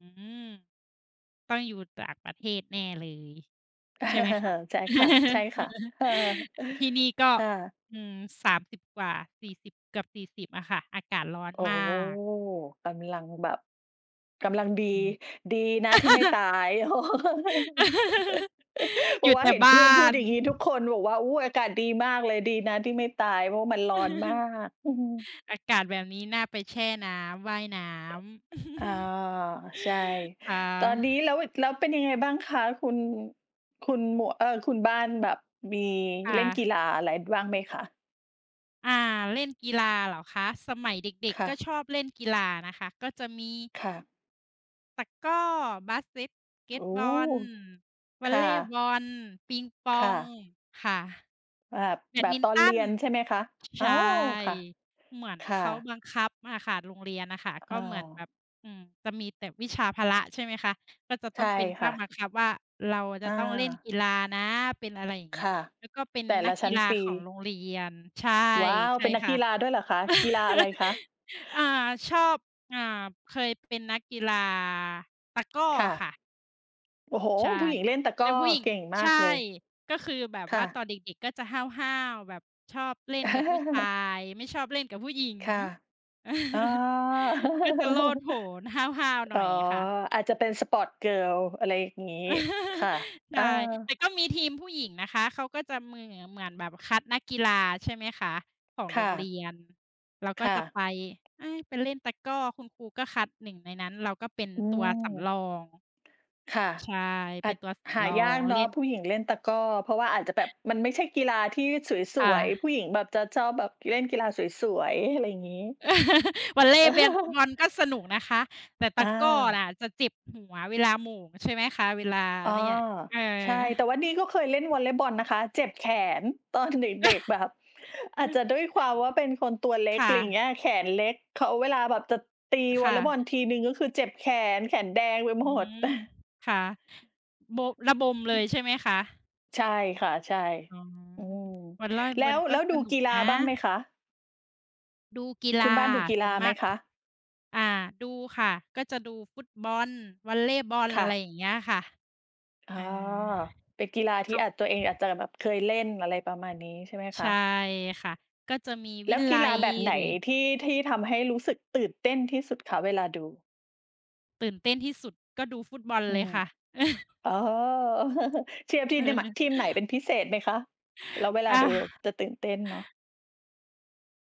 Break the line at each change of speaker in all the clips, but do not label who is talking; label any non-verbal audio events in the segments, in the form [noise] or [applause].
อืม ต้องอยู่ต่างประเทศแน่เลย ใช่ไหมคะ?
[laughs] ใช่ค่ะ ใช่
[laughs]
ค่ะ เออ
ที่นี่ก็
ค่ะ
อืม 30 กว่า สี่สิบ เกือบ 40 อะค่ะ อากาศร้อน
อ๋อ
มาก
กำลังแบบ กำลังดี
อืม
ดีนะที่ไม่ต
[laughs]
าย [laughs]
[laughs]
เพร
อ
า
ยู
ะ
่
ว่
แต
า
่
เห็น
บ
เ
้
พื่อนพ
า
ูด
น
อย่างงี้ทุกคน บอกว่า "อุ๊ย อากาศดีมากเลย ดีนะที่ไม่ตาย เพราะมันร้อนมา
[laughs]
ก" อือ
อากาศแบบนี้น่าไปแช่น้ำ ว่ายน้
อ อ อา
ำ [laughs]
ใช่
ค่
ตอนนี
ะ
้ แล้ว แล้วเป็นยังไงบ้างคะคุณ คุณหมวก เอ่อ คุณบ้านแบบมี
ค่
เล่นกี
ะ
ฬาอะไรบ้างไหมคะ?
อา เล่นกีฬาเหรอคะ สมัยเด็
ค
ก
่
ๆ ก็
ะ
ชอบเล่นกีฬานะคะ ก็จะมี
ค่ะ
ตะกร้อ บาสเซต เก็
โอ
ต
้!
บอล ว
ค
อล
่
เลย์บ
ะ
อล ปิงป
ค
อ
่
ง
ะ
ค่ะ
อา
แบ
แบ
ดม
บ
ิน
ตอน
ต
เ
ั
รี
น
ยนใช่ไหมคะ?
ช ใ
อ๋
ช
อ
่
ค่ะ
เหมือน
ค
เ
่
ขา
ะ
บังคับอะค่ะ โรงเรียนอะค่ะ
อ
ก
อ
็เหมือนแบ
า
บ อืม จะมีแต่วิชาพละ ใช่ไหมคะ ก็จะ
ใช
ต้อ
่
งเป็นภ
ค่
า
ะ
คบังคับว่า เราอะ
อ
จะ
า
ต้องเล่นกีฬานะ เป็นอะไรอย่าง
ค
เงี้ย
่ะ
แล้วก็เป็น
แต่
น
ล
ั
ะ
ก
ช
ก
ั้
ี
น
ฬา
ปี
ของโรงเรียน ใช่
ว้าว!
ใช
เ
่
ป็นนั
ค
กก
่ะ
ีฬาด้วยเหรอคะ? กีฬาอะไรคะ?
[laughs] อา ชอบ อ่า เคยเป็นนักกีฬาตะกร้อ
ค่ะ
ค่ะ
โอ้โฮ!
ใช่
ผู้หญิงเล่นตะก
แต
ร้
่
อ
ผู้หญิง
เก่งม
ใช
าก
่
เลย
ก็คือแบบ
ค
ว
่
่
ะ
าตอนเด็ก ๆ ก็จะห้าว ๆ แบบชอบเล่นกับผู้ชา
[laughs]
ย ไม่ชอบเล่นกับผู้หญิง
ค่ะ อ๋อ [laughs]
[laughs] น่าจะโลดโผน ห้าว ๆ หน
อ๋
่
อ
อยค่ะ
อาจจะเป็น Sport-Girl อะไรอย่างงี้ค่ะ
[laughs] ใ
เ
ช
ออ
่ แต่ก็มีทีมผู้หญิงนะคะ เขาก็จะเมือ เหมือนแบบคัดนักกีฬา ใช่ไหมคะ ของ
ค
โร
่
งเร
ะ
ียน เราก็
ค่ะ
จะไป เอ๊ย ไปเล่นตะกร้อ คุณครูก็คัด 1 ในนั้น เราก็เป็น
อื
ตัว
ม
สำรอง
ค่ะ
ใช่
อ
เ
า
ป็น
จ
ตัวส
หา
ำรอ
ยา
ง
กเน
เ
า
ล
ะ
่น
ผู้หญิงเล่นตะกร้อ เพราะว่าอาจจะแบบมันไม่ใช่กีฬาที่ส
ค่
วย
ะ
ๆ ผู้หญิงแบบจะชอบแบบเล่นกีฬาสวยสวย อะไรอย่างงี้
[laughs] วอลเลย์ เบน
[laughs]
บอลก็สนุกนะคะ แต่ต
อ
ะกร้อ
า
อะจะเจ็บหัวเวลาโหม่ง ใช่ไหมคะ เวลา
อ๋อ
เนี่ย เออ
ใช่ แต่ว่านี่ก็เคยเล่นวอลเลย์บอลนะคะ เจ็บแขน ตอนเด็ก ๆ แบบ อาจจะด้วยความว่าเป็นคนตั
[chuckles]
วเล็ก
ค
อ
่
ะไรอย่างเ
ะ
งี้ย แขนเล็ก เขา เวลาแบบจะตีว
ค
อล
่
เลย์บอล
ะ
ทีหนึ่งก็คือเจ็บแขน แขนแดงไป
อ
ห
ื
มด
ม ค่ะ บ ระบมเลย
[chuckles]
ใช่ไหมคะ?
ใช่ค่ะ ใช่
อ๋อ
อืม
บอลล่อย
แล
บ
้
อล
ว
ก
แ
็
ล้ว
ส
ดู
นุ
ก
ก
ีฬา
นะ
บ้างไหมคะ?
ดูกีฬ
คุ
า
ณบ้านดูกี
ส
ฬ
่
า
วนม
ไหม
าก
คะ?
อา ดูค่ะ ก็จะดูฟุตบอล วอลเลย์บอล
ค
อ
่ะ
ะไรอย่างเงี้ยค่ะ
อ๋อ
อา
เป็นกีฬา
เ
ท
ข
ี่
า
อาจ ตัวเองอาจจะแบบเคยเล่น อะไรประมาณนี้ใช่ไหมค
ใช
ะ?
่ค่ะ ก็จะมี
แ
ว
ล
ิ
้วก
ล
ี
ั
ฬา
ย
แบบไหน
หรือ
ที่ ที่ทำให้รู้สึกตื่นเต้นที่สุดคะเวลาดู?
ตื่นเต้นที่สุดก็ดูฟุตบอล
อื
เล
ม
ยค่ะ [laughs]
อ๋อ [laughs] เชียร์ที่ น ม
เออ
ทีมไหนเป็นพิเศษไหมคะ? แล้วเวลา
อ
ด
า
ูเราจะตื่นเต้นเนาะ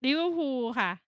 Liverpool ค่ะ